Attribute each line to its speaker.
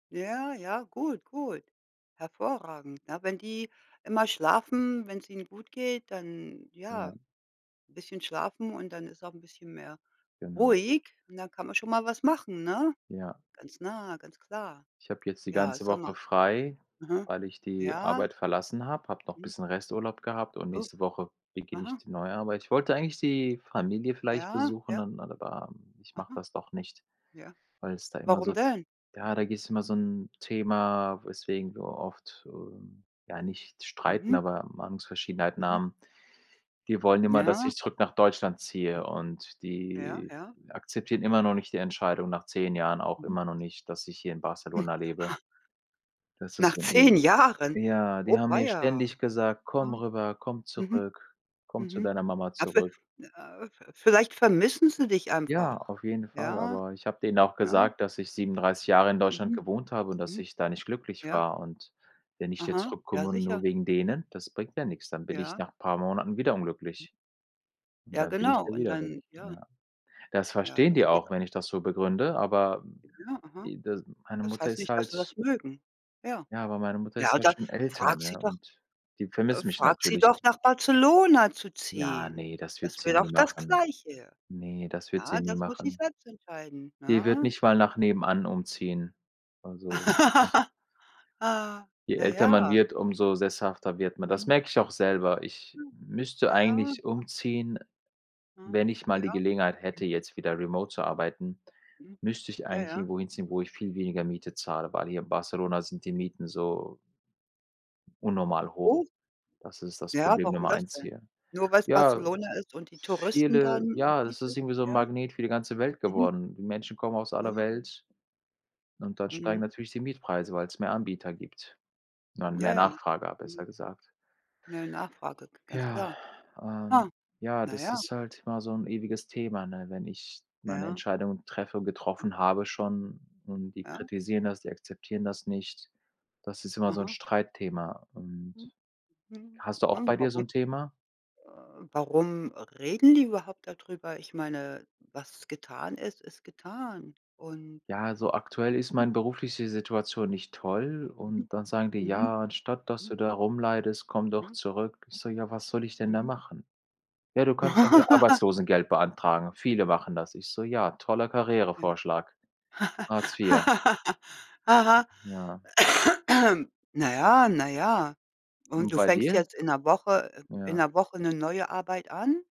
Speaker 1: Ja, ja, gut, gut. Hervorragend, ne? Wenn die immer schlafen, wenn's ihnen gut geht, dann ja
Speaker 2: Ja.
Speaker 1: bisschen schlafen und dann ist auch 'n bisschen mehr
Speaker 2: Genau.
Speaker 1: ruhig. Und dann kann man schon mal was machen, ne?
Speaker 2: Ja.
Speaker 1: Ganz nah, ganz klar.
Speaker 2: Ich habe jetzt die
Speaker 1: Ja,
Speaker 2: ganze
Speaker 1: sag
Speaker 2: Woche
Speaker 1: mal
Speaker 2: frei,
Speaker 1: mhm.
Speaker 2: weil ich die
Speaker 1: Ja.
Speaker 2: Arbeit verlassen habe, habe noch
Speaker 1: Hm.
Speaker 2: bisschen Resturlaub gehabt und
Speaker 1: U
Speaker 2: nächste Woche beginne ich
Speaker 1: aha.
Speaker 2: die neue Arbeit, ich wollte eigentlich die Familie vielleicht
Speaker 1: Ja,
Speaker 2: besuchen,
Speaker 1: ja.
Speaker 2: dann, [unintelligible] ähm, ich mache
Speaker 1: Aha.
Speaker 2: das doch nicht,
Speaker 1: Ja.
Speaker 2: weil es da immer
Speaker 1: Warum
Speaker 2: so
Speaker 1: denn?
Speaker 2: ja, da gehst du immer so 'n Thema, weswegen wir oft so ja, nicht streiten,
Speaker 1: Mhm.
Speaker 2: aber Meinungsverschiedenheiten
Speaker 1: Mhm.
Speaker 2: haben. Die wollen immer, dass
Speaker 1: Ja.
Speaker 2: ich zurück nach Deutschland ziehe
Speaker 1: Mhm.
Speaker 2: und
Speaker 1: Ja.
Speaker 2: die
Speaker 1: Ja.
Speaker 2: akzeptieren immer noch nicht die Entscheidung nach 10 Jahren auch
Speaker 1: Mhm.
Speaker 2: immer noch nicht, dass ich hier in Barcelona lebe. Das ist
Speaker 1: Nach
Speaker 2: so 'n e
Speaker 1: 10 Jahren.
Speaker 2: ja, die
Speaker 1: Oh
Speaker 2: haben mir
Speaker 1: weia.
Speaker 2: ständig gesagt: „Komm
Speaker 1: Aha.
Speaker 2: rüber, komm
Speaker 1: Mhm.
Speaker 2: zurück, komm zu
Speaker 1: Mhm.
Speaker 2: deiner Mama
Speaker 1: A ve
Speaker 2: zurück.“
Speaker 1: äh äh, vielleicht vermissen sie dich
Speaker 2: Ja,
Speaker 1: einfach.
Speaker 2: auf jeden Fall,
Speaker 1: Ja?
Speaker 2: aber ich habe denen auch
Speaker 1: Ja.
Speaker 2: gesagt, dass ich 37 Jahre in Deutschland
Speaker 1: Mhm.
Speaker 2: gewohnt habe und dass
Speaker 1: Mhm.
Speaker 2: ich da nicht glücklich
Speaker 1: Ja.
Speaker 2: war. Und wenn ich jetzt
Speaker 1: Aha. Ja
Speaker 2: zurückkomme und nur
Speaker 1: sicher.
Speaker 2: wegen denen, das bringt mir nix. Dann bin ich
Speaker 1: Ja.
Speaker 2: nach paar Monaten wieder unglücklich. Und
Speaker 1: Ja
Speaker 2: dann bin ich
Speaker 1: genau.
Speaker 2: ja
Speaker 1: Und
Speaker 2: wieder weg,
Speaker 1: dann ja.
Speaker 2: ja. Das
Speaker 1: Ja,
Speaker 2: verstehen die
Speaker 1: das geht
Speaker 2: auch,
Speaker 1: a
Speaker 2: wenn ich das so begründe, aber, hm,
Speaker 1: Ja, aha.
Speaker 2: e das meine
Speaker 1: Das
Speaker 2: Mutter
Speaker 1: heißt
Speaker 2: ist
Speaker 1: nicht, dass sie
Speaker 2: halt
Speaker 1: das mögen. Ja.
Speaker 2: Ja, aber meine Mutter
Speaker 1: Ja,
Speaker 2: ist halt
Speaker 1: oder
Speaker 2: schon älter,
Speaker 1: fragt sie
Speaker 2: ne,
Speaker 1: doch
Speaker 2: und die
Speaker 1: äh,
Speaker 2: vermisst mich
Speaker 1: frag sie
Speaker 2: natürlich.
Speaker 1: doch, nach Barcelona zu
Speaker 2: Ja,
Speaker 1: ziehen.
Speaker 2: ne, das wird
Speaker 1: Das
Speaker 2: sie
Speaker 1: wäre
Speaker 2: nie
Speaker 1: doch das
Speaker 2: machen.
Speaker 1: Gleiche.
Speaker 2: Ne, das wird sie
Speaker 1: Ja,
Speaker 2: nie
Speaker 1: das muss sie
Speaker 2: machen.
Speaker 1: selbst entscheiden,
Speaker 2: Die wird
Speaker 1: ne?
Speaker 2: nicht mal nach
Speaker 1: Und
Speaker 2: nebenan umziehen. Also [unintelligible]
Speaker 1: Ah.
Speaker 2: Je
Speaker 1: Ja,
Speaker 2: älter man
Speaker 1: ja.
Speaker 2: wird, umso sesshafter wird man. Das
Speaker 1: Mhm.
Speaker 2: merke ich auch selber. Ich
Speaker 1: Hm.
Speaker 2: müsste
Speaker 1: Ja.
Speaker 2: eigentlich umziehen,
Speaker 1: Ah.
Speaker 2: wenn ich mal die
Speaker 1: Ja.
Speaker 2: Gelegenheit hätte, jetzt wieder remote zu arbeiten,
Speaker 1: Mhm.
Speaker 2: müsste ich
Speaker 1: Ja,
Speaker 2: eigentlich
Speaker 1: ja.
Speaker 2: irgendwo hinziehen, wo ich viel weniger Miete zahle, weil hier in Barcelona sind die Mieten so unnormal hoch.
Speaker 1: Oh.
Speaker 2: Das ist das
Speaker 1: Ja?
Speaker 2: Problem
Speaker 1: Warum
Speaker 2: Nummer
Speaker 1: das
Speaker 2: 1
Speaker 1: denn?
Speaker 2: hier.
Speaker 1: Nur weil's
Speaker 2: Ja,
Speaker 1: Barcelona ist und die Touristen dann
Speaker 2: viele
Speaker 1: und
Speaker 2: ja, das
Speaker 1: [unintelligible]
Speaker 2: ist irgendwie so 'n
Speaker 1: ja?
Speaker 2: Magnet für die ganze Welt
Speaker 1: Mhm.
Speaker 2: geworden. Die Menschen kommen aus aller
Speaker 1: Mhm.
Speaker 2: Welt und dann steigen
Speaker 1: Mhm.
Speaker 2: natürlich die Mietpreise, weil's mehr Anbieter gibt und dann
Speaker 1: Ja,
Speaker 2: mehr
Speaker 1: ja.
Speaker 2: Nachfrage a
Speaker 1: Mhm.
Speaker 2: besser gesagt.
Speaker 1: Mehr Nachfrage, g ganz
Speaker 2: Ja,
Speaker 1: klar.
Speaker 2: ähm,
Speaker 1: Ah.
Speaker 2: ja,
Speaker 1: Na
Speaker 2: das
Speaker 1: ja.
Speaker 2: ist halt immer so 'n ewiges Thema, ne, wenn ich meine
Speaker 1: Ja.
Speaker 2: Entscheidung treffe und getroffen habe schon und die
Speaker 1: Ja.
Speaker 2: kritisieren das, die akzeptieren das nicht. Das ist immer so 'n
Speaker 1: Aha.
Speaker 2: Streitthema und
Speaker 1: Hm. Mhm.
Speaker 2: hast du auch
Speaker 1: Mhm.
Speaker 2: bei dir so
Speaker 1: Warum?
Speaker 2: 'n Thema?
Speaker 1: Äh, warum reden die überhaupt darüber? Ich meine, was getan ist, ist getan. Und
Speaker 2: Ja, also aktuell ist meine berufliche Situation nicht toll.
Speaker 1: Mhm.
Speaker 2: Und dann sagen die:
Speaker 1: Mhm.
Speaker 2: „Ja, anstatt dass
Speaker 1: Hm.
Speaker 2: du da rumleidest, komm doch
Speaker 1: Ja.
Speaker 2: zurück.“ Ich so: „Ja, was soll ich denn da
Speaker 1: Mhm.
Speaker 2: machen?“ „Ja, du kannst doch hier Arbeitslosengeld beantragen. Viele machen das.“ Ich so: „Ja, toller
Speaker 1: Ah ja.
Speaker 2: Karrierevorschlag, Hartz IV.“
Speaker 1: Aha.
Speaker 2: Ja.
Speaker 1: Na ja, na ja. Und
Speaker 2: Und
Speaker 1: du
Speaker 2: bei
Speaker 1: fängst
Speaker 2: dir?
Speaker 1: jetzt in 'ner Woche äh, in
Speaker 2: Ja.
Speaker 1: 'ner Woche 'ne neue Arbeit an?